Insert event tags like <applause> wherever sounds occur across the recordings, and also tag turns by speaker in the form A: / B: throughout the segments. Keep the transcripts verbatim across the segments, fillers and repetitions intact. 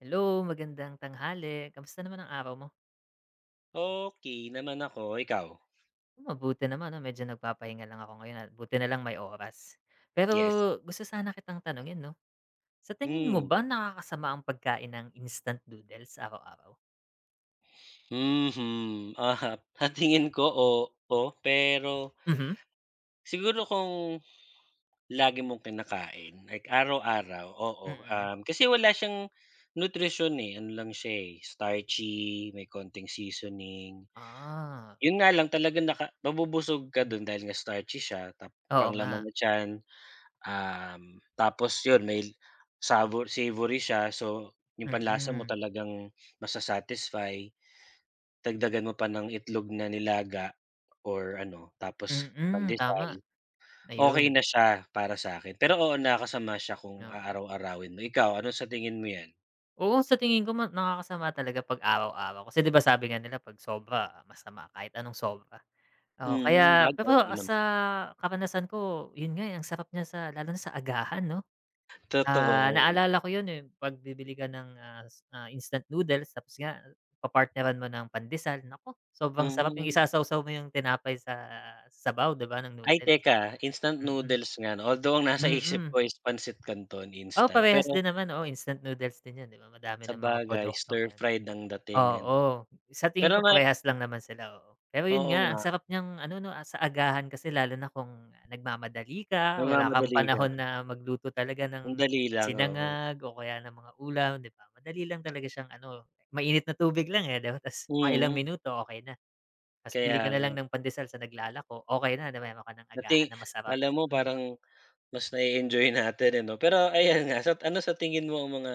A: Hello. Magandang tanghali, kamusta naman ang araw mo?
B: Okey naman ako, ikaw?
A: Mabuti naman, ano, medyo nagpapahinga lang ako ngayon at buti nalang may oras, pero
B: Yes.
A: gusto sana kitang tanungin, 'no, sa tingin mo
B: Hmm.
A: ba nakakasama ang pagkain ng instant noodles sa araw-araw?
B: <sniffs> Mhm, ahap sa tingin ko oo, pero
A: Mhm.
B: siguro kung lagi mong kinakain, like araw-araw, oo,
A: Mm.
B: um, kasi wala siyang nutrisyon, eh, ano, lang siya, eh, starchy may konting seasoning.
A: Ah.
B: Yun nga lang talaga naka mabubusog ka dun dahil nga starchy siya, ta
A: Oo
B: pang laman
A: nga.
B: na tyan, um, tapos yun may sa savory siya, so, yung panlasa mo
A: Mm.
B: talagang ma-sasatisfy. Dagdagan mo pa ng itlog na nilaga or, ano, tapos
A: Mhm,
B: pandesal,
A: tama.
B: okay
A: Ayun.
B: na siya, para sakin pero oo nakakasama siya kung
A: Oo.
B: aaraw-arawin mo, ikaw? Ano sa tingin mo yan?
A: Oo, sa tingin ko ma nakakasama talaga 'pag araw-araw kasi 'di ba sabi nga nila 'pag sobra masama kahit anong sobra. Oo,
B: Mm.
A: kaya pero
B: <unintelligible>
A: sa karanasan ko 'yun nga, eh, ang sarap niya sa lalo na sa agahan 'no? Ah,
B: Totoo.
A: naalala ko 'yun, eh, 'pag bibili ka ng, ah, is ah, instant noodles tapos nga papartneran mo ng pandesal naku, sobrang sarap yung
B: Mm.
A: isasawaw mo yung tinapay sa sabaw 'di ba, ng
B: Ay
A: noodles.
B: teka, instant
A: Mm.
B: noodles nga 'no, although ang nasa isip ko
A: Mm.
B: is pansit canton,
A: Oo,
B: instant,
A: parehas
B: pero
A: din naman, oo, instant noodles din yun, eh. Madami ng mga
B: sabagay
A: produkto ngayon.
B: stir-fried ang dating 'no.
A: Oo, sa tingin
B: Pero
A: ko
B: may
A: parehas lang naman sila, oo. Pero 'yun
B: Oo
A: nga, ang
B: nga.
A: sarap niyang ano 'no, ah, sa agahan kasi lalo na kung nagmamadali ka, wala kang
B: Nagmamadali ka.
A: panahon na magluto talaga
B: Ang
A: ng
B: dali lang, oo.
A: sinangag o kaya ng mga ulam, 'di ba? Madali lang talaga siyang ano, mainit na tubig lang, eh, 'di ba ta's mga ilang
B: Mm.
A: minuto okey na. Ta's bili ka
B: Kaya
A: na lang
B: nga.
A: ng pandesal sa naglalako, okey na, na mayro'n ka ng
B: Dati
A: agahan na masarap,
B: 'kala mo
A: hmm.
B: parang mas na-e-enjoy natin, eh, 'no. Pero ayan nga, sa ano sa tingin mo ang mga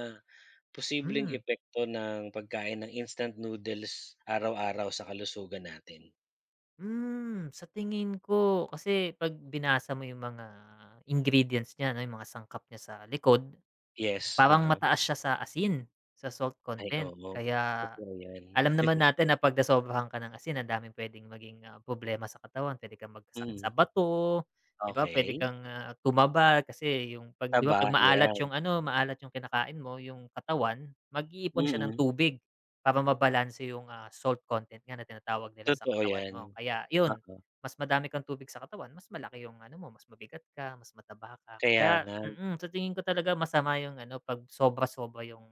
B: posibleng
A: Hmm.
B: epekto ng pagkain ng instant noodles araw-araw sa kalusugan natin?
A: Hmm, sa tingin ko kasi pag binasa mo yung mga ingredients niya, ano, yung mga sangkap niya sa likod.
B: Yes,
A: Parang
B: uh-huh.
A: mataas siya sa asin, sa salt
B: Ay
A: content
B: oo.
A: kaya
B: Totoo yan.
A: alam naman
B: <chuckles>
A: natin na pag nasobrahan ka ng asin ang daming pwedeng maging problema sa katawan, pwede kang magkasakit sa
B: Mhm.
A: bato, 'di ba? Pwede
B: Okey.
A: kang, ah, tumaba, kasi yung pag, 'di ba? Pag
B: Taba,
A: maalat
B: yan.
A: yung, ano, maalat yung kinakain mo yung katawan, mag-iipon siya ng
B: Mm.
A: tubig para mabalanse yung, ah, salt content nga na tinatawag nila sa
B: Totoo
A: katawan mo,
B: yan,
A: kaya yun
B: oo.
A: mas madami kang tubig sa katawan mas malaki yung, ano mo, mas mabigat ka, mas mataba ka
B: Kaya
A: kaya,
B: nga.
A: mm, sa tingin ko talaga masama yung, ano, pag sobra sobra yung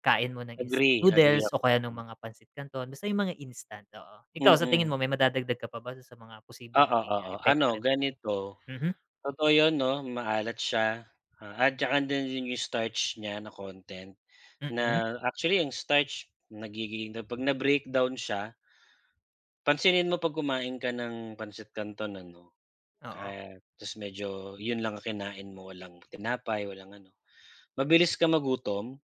A: kain mo ng instant
B: Agree, agree
A: noodles o
B: ako.
A: kaya nung
B: Hmm.
A: mga pansit canton, basta yung mga instant oo. Ikaw sa tingin
B: Mm.
A: mo may madadagdag ka pa ba sa mga posibleng
B: Oo,
A: maging
B: oo,
A: epekto
B: ano,
A: nito?
B: ganito,
A: Mhm.
B: totoo yun, 'no, maalat siya at tsaka dun din yung starch niya na content,
A: Mm.
B: na actually ang starch nagiging pag na breakdown siya Pansinin mo, pag kumain ka ng pansit canton, ano,
A: Oo.
B: kaya medyo yun lang ang kinain mo walang tinapay, walang ano, mabilis kang magutom.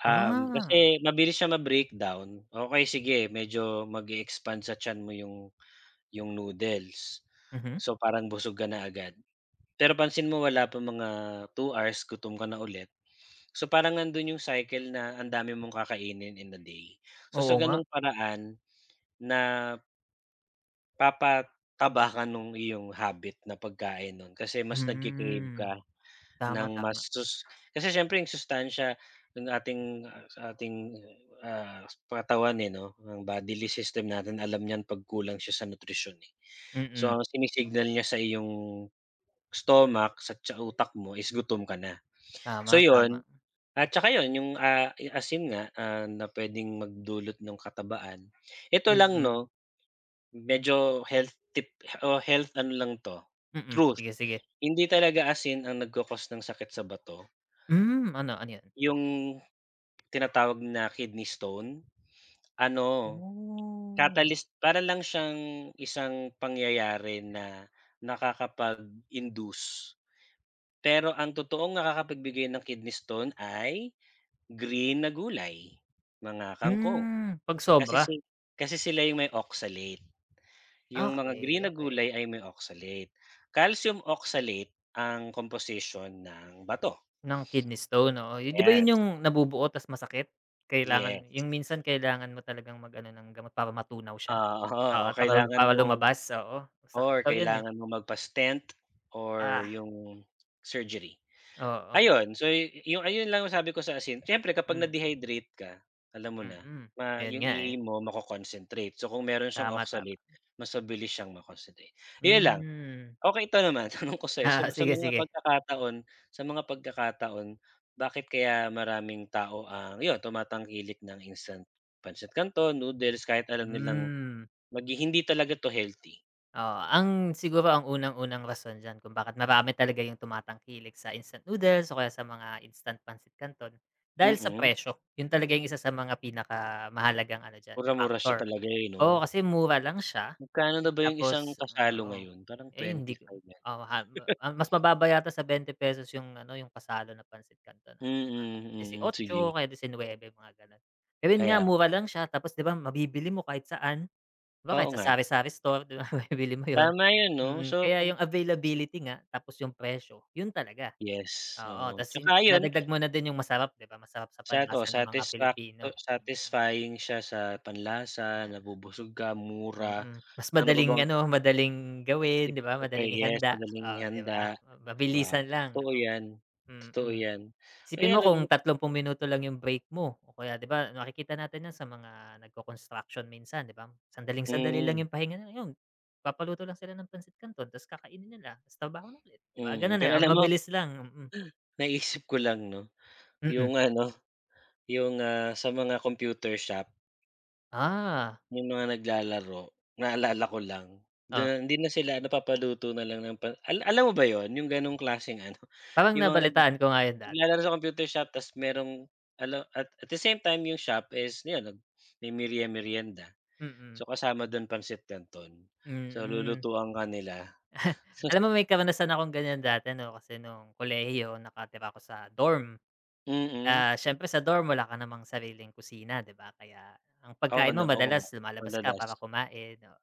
B: Um,
A: Ah.
B: kasi mabilis siyang ma-breakdown, okey sige medyo mag-e-expand sa tiyan mo 'yong 'yong noodles,
A: Mhm.
B: so, parang busog ka na agad. Pero pansin mo wala pa mga two hours gutom ka na ulit, so, parang nandoon 'yong cycle na ang dami mong kakainin in the day, so, sa
A: Oo nga.
B: ganong paraan na Papataba ka ng iyong habit na pagkain no'n kasi mas nagki-crave
A: Mhm.
B: ka
A: Tama,
B: ng mas
A: tama.
B: sus kasi siyempre yung sustansiya ng ating ating ah, katawan eh 'no ang bodily system natin alam niyang pagkulang siya sa nutrisyon, eh. So
A: Mm.
B: ang sinisignal niya sa iyong stomach, sa utak mo is gutom ka na. So
A: Tama,
B: yun,
A: tama.
B: at tsaka yun yung ah, asin nga ah, na pwedeng magdulot ng katabaan, ito lang
A: Mm.
B: 'no, medyo health tip o health ano lang to
A: Mm.
B: truth,
A: Sige sige.
B: hindi talaga asin ang nagco-cost ng sakit sa bato.
A: Hmm. Ano ano yan?
B: Yung tinatawag na kidney stone, ano
A: Oh.
B: catalyst para lang siyang isang pangyayari na nakakapag-induce. Pero ang totoong nakakapagbigay ng kidney stone ay green na gulay, mga kangkong
A: Hmm, 'pag
B: kasi
A: sobra.
B: kasi sila yung may oxalate yung mga green
A: Okey,
B: na
A: okey.
B: gulay ay may oxalate, Calcium oxalate ang komposisyon ng bato.
A: Ng kidney stone? Oo, yun diba
B: Ayan.
A: yun yung nabubuo tas masakit kailangan
B: Yes.
A: yung minsan kailangan mo talagang mag ano ng gamot para matunaw siya.
B: Ah, oo
A: Oo, para
B: kailangan
A: para
B: mong
A: lumabas. Oo masakit
B: or
A: daw yun eh.
B: kailangan mong magpa-stent or
A: Ah,
B: yung surgery.
A: Oo.
B: Ayun so ayun lang ang sabi ko sa asin siyempre kapag
A: Mm.
B: na-dehydrate ka alam mo na
A: Mm. Yun
B: yung
A: nga
B: E-A
A: eh.
B: mo ma-co-concentrate so kung meron siyang
A: Tama, tama.
B: oxalate mas mabilis siyang ma-concentrate, 'yon lang.
A: Hmm.
B: Okey ito naman tanong ko sa sa
A: Ah,
B: sa
A: sige,
B: mga
A: sige.
B: pagkakataon sa mga pagkakataon bakit kaya maraming tao ang iyon tumatangkilik ng instant Pansit Canton noodles kahit alam nilang
A: Hmm.
B: maghi hindi talaga to healthy?
A: Oo, ang siguro ang unang-unang rason diyan kung bakit marami talaga 'yung tumatangkilik sa instant noodles o kaya sa mga instant pansit canton, dahil sa
B: Mm.
A: presyo. 'Yun talaga ang isa sa mga pinakamahalagang ano diyan
B: Mura, mura
A: factor,
B: talaga siya, eh, 'no?
A: oo, kasi mura lang siya.
B: Magkano na ba yung isang
A: Tapos ah,
B: kasalo
A: oo.
B: ngayon? Parang
A: Ay, hindi
B: twenty-five yan.
A: oo, ah,
B: <chuckles>
A: <unintelligible> mas mababa yata sa bente pesos 'yung ano 'yung kasalo na pansit canton, alam ko nga
B: Mm, mm,
A: disi-otso o
B: sige.
A: kaya disi-nueve, mga gano'n. Ayon nga,
B: Kaya
A: mura lang siya tapos, 'di ba, mabibili mo kahit saan? 'Di ba,
B: Oo,
A: kahit sa
B: nga.
A: sari-sari store, 'di ba, mabibili mo 'yon.
B: Tama yun, 'no,
A: Mm,
B: so
A: kaya
B: kung
A: yung availability nga, tapos 'yung presyo yun talaga.
B: Yes,
A: Oo,
B: oo,
A: 'tas yun
B: 'tsaka ayun.
A: idagdag mo na din 'yung masarap, 'di ba, masarap sa
B: Sato
A: panlasa ng mga
B: satisfacto
A: Pilipino. Mm.
B: satisfying siya sa panlasa,
A: Na
B: nabubusog ka, mura,
A: mm, mas
B: ano pa
A: madaling
B: bang
A: ano, madaling
B: 'Di
A: gawin, 'di ba?
B: prepare
A: Madaling
B: yes
A: ihanda.
B: madaling
A: Oh, 'di
B: ihanda,
A: ba, ma
B: wow,
A: mabilisan lang, 'di
B: too
A: ba.
B: 'yan, totoo
A: Mm.
B: 'yan.
A: Isipin
B: Kaya
A: mo
B: lang yu
A: kung tatlumpung minuto lang 'yung break mo o kaya ,'di ba, nakikita natin 'yan sa mga nag-ko-construction minsan, 'di ba, sandaling-sandali lang
B: Mhm.
A: 'yung pahinga, nilang 'yon papapaluto lang sila ng pansit canton 'tas kakainin nila, 'tas trabaho na ulit. 'Di ba,
B: Mhm,
A: gano'n eh,
B: pero
A: ang
B: alam mo
A: mabilis lang. Mm.
B: naisip ko lang, 'no,
A: Mm.
B: 'yung ano, 'yung, ah, sa mga computer shop.
A: Ah.
B: Yung mga naglalaro, naalala ko lang,
A: Oh.
B: da hindi na sila napapaluto na lang ng pan al alam mo ba yun, yung ganong klaseng ano
A: Parang
B: yung mga nagla
A: nabalitaan ko nga yun dati.
B: naglalaro sa computer shop ta's mayrong alo at at the same time 'yong shop is 'yon nag may merie-merienda.
A: Mm.
B: So kasama do'n pansit canton, so
A: Mm.
B: lulutuan ka nila.
A: <chuckles>
B: Sus
A: Alam mo may karanasan akong ganiyan dati 'no kasi nung kolehiyo nakatira ako sa dorm.
B: Mm.
A: Ah, siyempre sa dorm wala ka namang sariling kusina, 'di ba, kaya ang
B: Oo
A: pagkain
B: no,
A: mo
B: oo
A: madalas lumalabas ka
B: madalas.
A: para kumain, oo.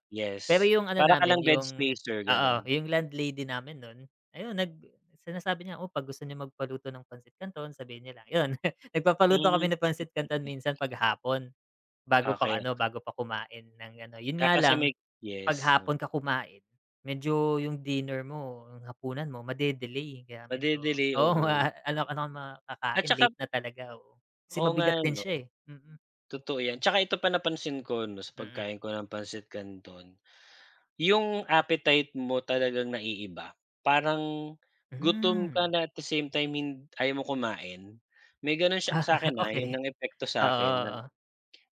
A: Pero
B: Yes,
A: yung ano
B: para ka
A: namin
B: lang bed
A: yung
B: spacer
A: oo,
B: ganon.
A: yung landlady namin nun, ayun nag sinasabi niya, "Oh 'pag gusto niyo magpaluto ng pansit canton sabihin niyo lang." <giggles> Yun,
B: Hmm.
A: nagpapaluto kami
B: <chuckles>
A: ng pansit canton minsan 'pag hapon bago pa ano,
B: Okey.
A: bago pa kumain ng ano, yun
B: Ka
A: nga
B: kasi may
A: lang, 'pag
B: yes, um.
A: hapon ka kumain, medyo yung dinner mo, yung hapunan mo made-delay kaya medyo
B: Made-delay,
A: oo
B: oo.
A: nga, anong ano na
B: At
A: kakain,
B: saka
A: late na talaga, oo. Kasi
B: Oo
A: mabigat
B: nga
A: din
B: ano.
A: siya, eh, mm.
B: Totoo yan, 'saka ito pa napansin ko 'no sa
A: Mm.
B: pagkain ko ng pansit canton, yung appetite mo talagang naiiba, parang gutom
A: Hmm.
B: ka na at the same time hin ayaw mo kumain. May ganon siya
A: Ah,
B: sa'kin, ha, yun
A: okey,
B: ang epekto
A: oo,
B: sa'kin non.
A: oo.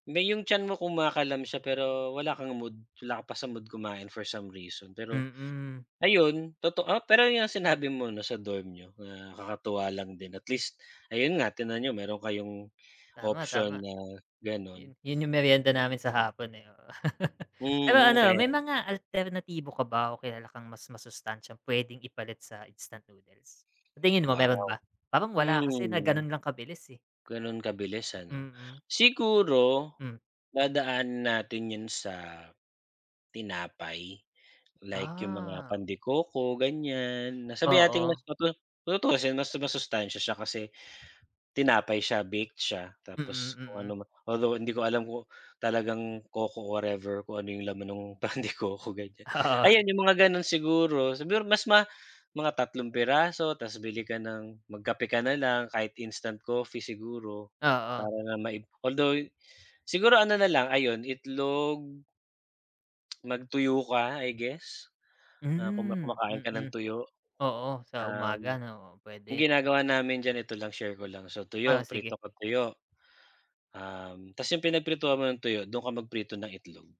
B: May yung tiyan mo kumakaalam siya pero wala kang mood, wala ka pa sa mood kumain for some reason pero,
A: Mm.
B: ayun totoo pero yun yung sinabi mo 'no sa dorm niyo, na kakatuwa lang din at least ayun nga tingnan niyo meron kayong
A: Tama,
B: option
A: tama.
B: na
A: Yun
B: ganon.
A: yun yung merienda namin sa hapon, eh, oo. <chuckles> Pero
B: Mm,
A: ano,
B: kaya
A: may mga alternatibo ka ba o kilala kang mas masustansyang puwedeng ipalit sa instant noodles? Sa tingin mo meron
B: Wow.
A: ba? Parang wala kasi na
B: Hmm.
A: ganun lang kabilis, eh.
B: Ganun kabilis ano.
A: Mm.
B: Siguro
A: Mm.
B: dadaanan natin yun sa tinapay. Like yung mga
A: Ah.
B: pan de coco ganiyan, na sabihin nating mas
A: Oo.
B: matutu tutuusin mas masustansya siya kasi, tinapay siya, baked siya.
A: Mm,
B: Tapos kung
A: mm.
B: ano man, although hindi ko alam kung talagang coco or whatever kung ano yung laman nung pan de coco, ganiyan.
A: Oo.
B: Ayan yung mga ganon siguro, siguro mas ma mga tatlong piraso ta's bili ka ng magkape ka na lang kahit instant coffee siguro, para
A: Oo.
B: nga maib althou gh siguro ano na lang ayun itlog mag-tuyo ka, I guess. Ah, kung ma
A: Hmm,
B: kumakain ka ng
A: mm,
B: tuyo.
A: oo, sa
B: Um,
A: umaga no, oh,
B: yung
A: puwede.
B: ginagawa namin diyan ito lang share ko lang, so
A: Oo,
B: tuyo,
A: sige.
B: prito ka tuyo. Um, ta's yung pinagprituan mo ng tuyo, dun ka magprito ng itlog.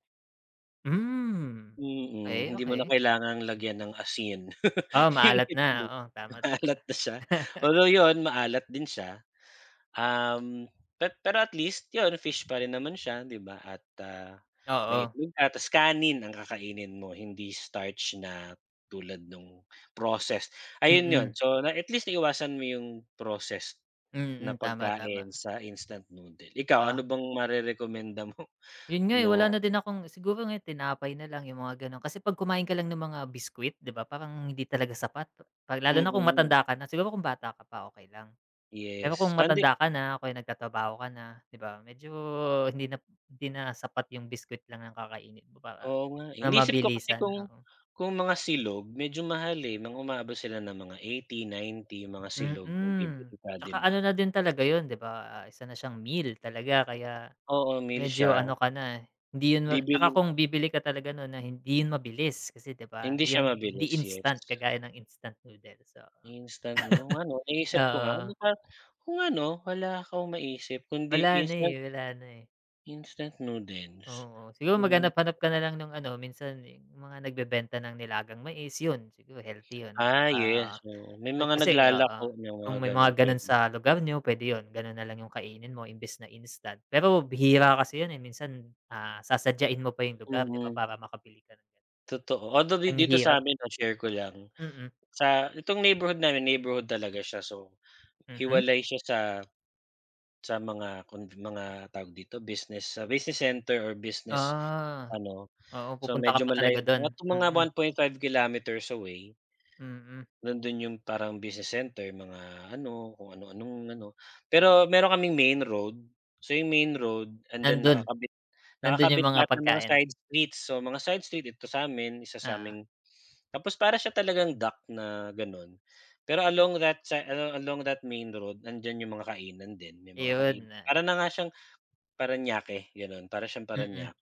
A: Hmm.
B: Mm,
A: Okey,
B: hindi mo na
A: okey.
B: kailangang lagyan ng asin,
A: O,
B: <chuckles> 'yong
A: maalat na,
B: itlog
A: oo, tama, tama.
B: maalat na siya,
A: <chuckles>
B: although 'yon, maalat din siya, um, pe pero at least 'yon, fish pa rin naman siya 'di ba, at, ah, may
A: Oo.
B: itlog ka, tas kanin ang kakainin mo, hindi starch na tulad no'ng processed ayun 'yon
A: Mm.
B: so na at least naiwasan mo 'yong processed na
A: Mm, tama, tama.
B: pagkain sa instant noodle. Ikaw,
A: Oh.
B: ano bang marerekomenda mo
A: 'Yun nga, eh,
B: na
A: wala na din akong siguro ngayo tinapay na lang, 'yong mga gano'n kasi 'pag kumain ka lang ng mga biscuit, 'di ba, parang hindi talaga sapat, pat 'pag lalo na kung
B: Mm.
A: matanda ka na. Siguro kung bata ka pa, okey lang. Pero kung
B: Yes, pande
A: matanda ka na o kaya nagtatrabaho ka na, 'di ba, medyo hindi na p hindi na sapat 'yong biscuit lang ng kakainin mo para
B: Oo nga, eh,
A: ng
B: iniisip ko kasi
A: mabilisan,
B: kung
A: oo.
B: kung mga silog medyo mahal, eh, ng umaabot sila ng mga eighty ninety, 'yong mga silog kung
A: Mm,
B: bibili ka, 'di
A: 'tsaka
B: ba?
A: ano na din talaga 'yon, 'di ba, ah, isa na siyang meal talaga kaya
B: Oo, meal
A: medyo
B: siya.
A: ano ka na, eh, hindi 'yon ma 'tsaka
B: Bibilhin
A: kung bibili ka talaga no'n na hindi 'yon mabilis kasi 'di ba,
B: Hindi siya
A: 'yon, hindi
B: mabilis, yes.
A: instant kagaya ng instant noodles, oo.
B: Instant 'no, nga 'no?
A: <chuckles>
B: Iniisip ko nga, ano
A: Oo.
B: kayang Oo nga 'no? Wala akong maisip kundi
A: Wala na
B: instant
A: eh, wala na eh.
B: Instant noodles,
A: Oo, siguro
B: hmm.
A: maghanap-hanap ka nalang nung ano, minsan yung mga nagbebenta ng nilagang mais, yun siguro healthy yun
B: Ah,
A: 'tsaka
B: yes, oo, may
A: nag
B: mga
A: kasi oo,
B: naglalako nang
A: kung
B: mga
A: may
B: gano'n
A: mga gano'n
B: pwede.
A: sa lugar n'yo. Pwede 'yun, gano'n nalang 'yung kainin mo imbes na instant, pero bihira kasi 'yun, eh, minsan, ah, sasadyain mo pa yung lugar, 'di ba?
B: Mm.
A: Para makabili ka ng ganyan.
B: Totoo although di
A: Ang
B: dito sa
A: hirap.
B: 'min ma-share ko lang,
A: Mm.
B: sa itong neighborhood namin, neighborhood talaga siya, so,
A: Mhm.
B: hiwalay siya sa sa mga convi mga tawag dito, business sa business center or business
A: Ah,
B: ano,
A: oo,
B: so,
A: pupunta ka
B: medyo
A: pa talaga
B: malayo,
A: do'n?
B: nasa mga
A: Mm.
B: one point five kilometers away
A: Mm.
B: nandun 'yung parang business center, mga ano kung ano-anong ano, pero meron kaming main road, so, 'yung main road and then
A: Nandun,
B: nakakabit
A: nandun yung
B: nakakabit,
A: mga
B: lahat ng mga
A: pagkain.
B: side street, so, mga side street dito sa 'min, isa
A: Ah.
B: sa'ming 'tapos para siya talagang dock na gano'n, pero along that sa alo along that main road nandiyan 'yung mga kainan din. May mga kain
A: Iyon, na ay,
B: para
A: ah.
B: na nga siyang Paranaque gano'n, para siyang Paranque
A: Mm.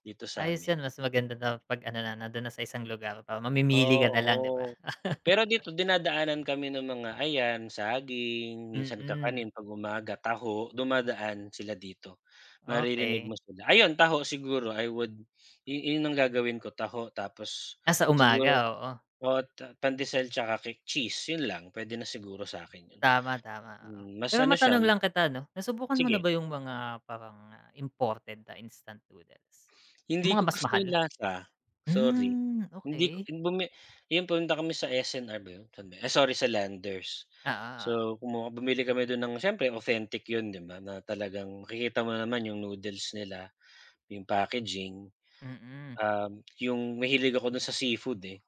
B: dito sa
A: Ayos
B: amin.
A: 'yan mas maganda daw 'pag ano, na nandun na sa isang lugar para mamimili ka na lang, 'di ba?
B: Oo, pero
A: <laughs>
B: dito dinadaanan kami ng mga ayan, saging, minsan,
A: Mm.
B: kakanin 'pag umaga, taho, dumadaan sila dito, maririnig
A: Okey.
B: mo sila, ayon, taho, siguro I would yu yun ang gagawin ko taho tapos
A: Ah, sa umaga,
B: siguro,
A: oo.
B: oo at pandesal 'tsaka cake cheese, yun lang pwede na siguro sa akin yun.
A: Tama, tama, oo.
B: Hmm, mas
A: Pero
B: ano siya
A: matanong lang kita, ano, nasubukan mo na
B: sige.
A: ba yung mga parang imported na instant noodles? Yung
B: Hindi
A: mga
B: ko
A: mas
B: gusto
A: mahal?
B: yung lasa, sorry.
A: Hmm,
B: Hindi ko
A: okey.
B: bumi ayun pumunta kami sa S&R ba yun? Saan ba yun? Ay, sorry, sa Landers.
A: Oo, oo.
B: So, kumuha bumili kami dun ng, siyempre, authentic yun, 'di ba? Na talagang makikita mo naman yung noodles nila, yung packaging.
A: Mm.
B: Um, yung mahilig ako dun sa seafood, eh,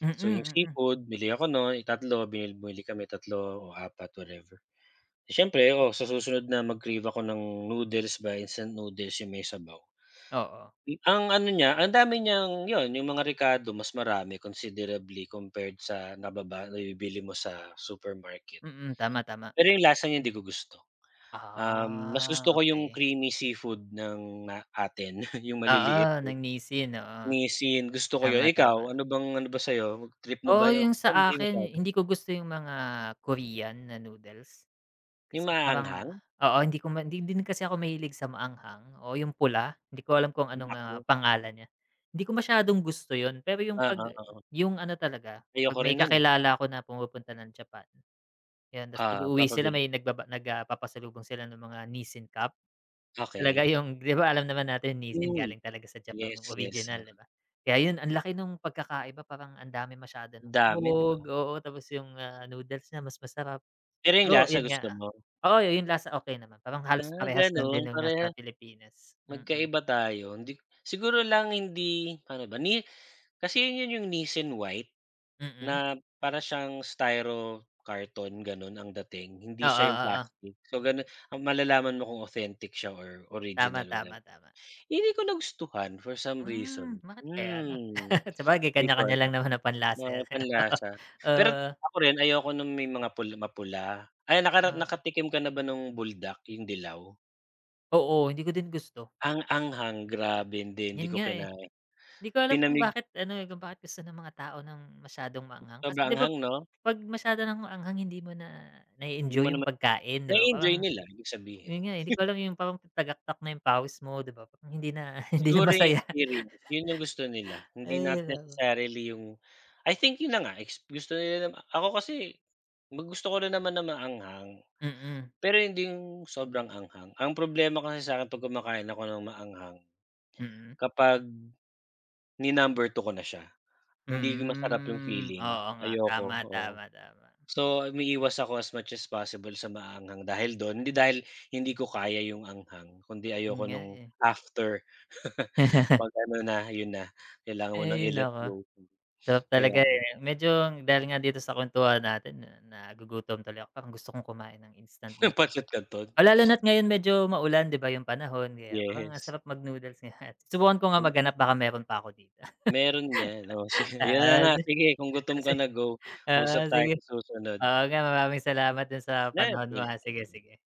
A: Mm,
B: so, yung
A: mm.
B: seafood, bili ako nun tatlo, bili bumili kami three o four, whatever. Siyempre, oo, sa susunod na mag-crave ako ng noodles, ba instant noodles yung may sabaw,
A: Oo.
B: hmm, ang ano niya, ang dami niyang 'yon, yung mga rekado, mas marami, considerably, compared sa nababa nabibili mo sa supermarket.
A: Mm, tama, tama.
B: Pero yung lasa niya hindi ko gusto, um, mas
A: Ah,
B: gusto ko 'yung
A: okey.
B: creamy seafood ng ,ah, atin, <chuckles> yung maliliit.
A: Oo ng Nissin, oo
B: Nissin, gusto ko yun.
A: tama, tama.
B: Ikaw ano bang ano ba sa'yo, trip mo
A: Oo,
B: ba yo?
A: yung
B: Ako
A: sa
B: hindi
A: akin,
B: masyado.
A: hindi ko gusto yung mga Korean na noodles,
B: Yung
A: kasi parang
B: maaanghang?
A: oo, hindi ko ma hindi, hindi din kasi ako mahilig sa maanghang. Oo yung pula, 'di ko alam kung ano nga
B: Naku.
A: pangalan niya, hindi ko masyadong gusto yo'n. Pero yung
B: Ah,
A: 'pag
B: ah, oo.
A: yung ano, talaga pag
B: Ayoko
A: may
B: rin no'n, eh.
A: kakilala ako na pumupunta ng Japan, 'yan, 'tas 'pag
B: Ah,
A: uuwi sila
B: papabili.
A: may nagbaba nagpapasalubong sila ng mga nissin cup. Talaga
B: Okey.
A: yung, 'di ba, alam naman natin Nissin
B: Hmm,
A: galing talaga sa Japan yung
B: yes, yes, ah.
A: original, 'di ba? Kaya yun ang laki nung pagkakaiba, parang ang dami masyado ng
B: Dami, 'di
A: hog,
B: ba?
A: oo, tapos yung, ah, noodles niya mas masarap,
B: Pero yung
A: pero
B: lasa
A: yun nga,
B: gusto mo?
A: oo, yung lasa okey naman, parang halos
B: Ah,
A: parehas lang
B: gano'n
A: din nung nasa
B: pareha
A: Pilipinas. Mm.
B: magkaiba tayo hindi siguro lang hindi paano ba ni kasi yun yung nissin white,
A: Mm.
B: na para siyang styro karton, gano'n ang dating hindi
A: Oo,
B: siya yung
A: oo.
B: plastic, so gano'n ah, malalaman mo kung authentic siya or
A: Tama,
B: original na
A: tama, tama.
B: hindi ko nagustuhan for some
A: Hmm,
B: reason.
A: bakit kaya ano?
B: Hmm,
A: <chuckles> Sabagay
B: hindi ko
A: kanya-kanya lang
B: alam,
A: naman nang panlasa
B: mga
A: 'yan, eh, 'no. <chuckles>
B: panlasa, pero
A: Oo.
B: ako rin ayoko ng may mga pula mapula. Ay, nakara
A: Oo.
B: nakatikim ka na ba nung buldak? Yung dilaw.
A: Oo, hindi ko din gusto.
B: Ang anghang grabe, hindi hindi
A: 'Yon
B: ko
A: nga, eh.
B: kinain
A: 'Di ko alam kung
B: pinamig
A: bakit ano, eh, kung bakit gusto ng mga tao ng masyadong maanghang, kasi
B: Sobrang
A: 'di ba
B: anghang 'no?
A: pag masyado ng maanghang hindi mo na
B: Hindi mo
A: na-e-enjoy 'yong
B: naman
A: pagkain 'di ba
B: na-e-enjoy
A: parang
B: nila, ibig sabihin.
A: 'yon nga, hindi ko
B: <chuckles>
A: alam yung parang tagaktak na 'yong pawis mo, 'di ba, parang hindi na hindi na
B: Siguro 'yong
A: masaya.
B: experience, 'yon 'yong gusto nila.
A: <laughs>
B: Hindi not
A: Ayun ano.
B: necessarily 'yong I think 'yon na nga, ex gus gusto nila. Ako kasi gusto ko rin naman ng maanghang,
A: Mm.
B: pero hindi 'yong sobrang anghang. Ang problema kasi sa'kin 'pag kumakain ako ng maanghang,
A: Mm.
B: kapag ni-number two ko na siya, hindi masarap 'yong
A: Hmm,
B: feeling,
A: oo nga,
B: ayoko,
A: tama,
B: oo.
A: tama, tama.
B: So, umiiwas ako as much as possible sa maaanghang dahil 'don, hindi dahil hindi ko kaya 'yong anghang kung 'di
A: Hmm
B: ayoko
A: nga,
B: no'ng
A: eh.
B: after <laughs> 'pag
A: <laughs>
B: ano na, 'yon na, kailangan mo ng
A: Ay,
B: i let
A: naku.
B: go.
A: Sarap
B: Kaya
A: talaga,
B: nga.
A: eh. Medyo dahil nga dito sa kwentuhan natin na nagugutom tuloy ako, parang gusto kong kumain ng instant
B: 'Yong
A: nood
B: pancit canton.
A: Oh, lalo na't
B: <sniffs>
A: ngayon medyo maulan 'di ba 'yong panahon kaya parang ang
B: Yes.
A: sarap mag-noodles ngayon, subukan ko nga maghanap baka meron pa 'ko dito.
B: Meron 'yan. O si
A: <laughs>
B: 'yon na
A: Oo,
B: nga,
A: si
B: sige kung
A: oo,
B: gutom
A: si
B: ka na go,
A: oo
B: usap tayo
A: sige.
B: sa susunod.
A: Oo nga, maraming salamat do'n sa
B: Ne
A: panahon mo,
B: thank
A: ah.
B: you, thank
A: Sige,
B: you.
A: sige.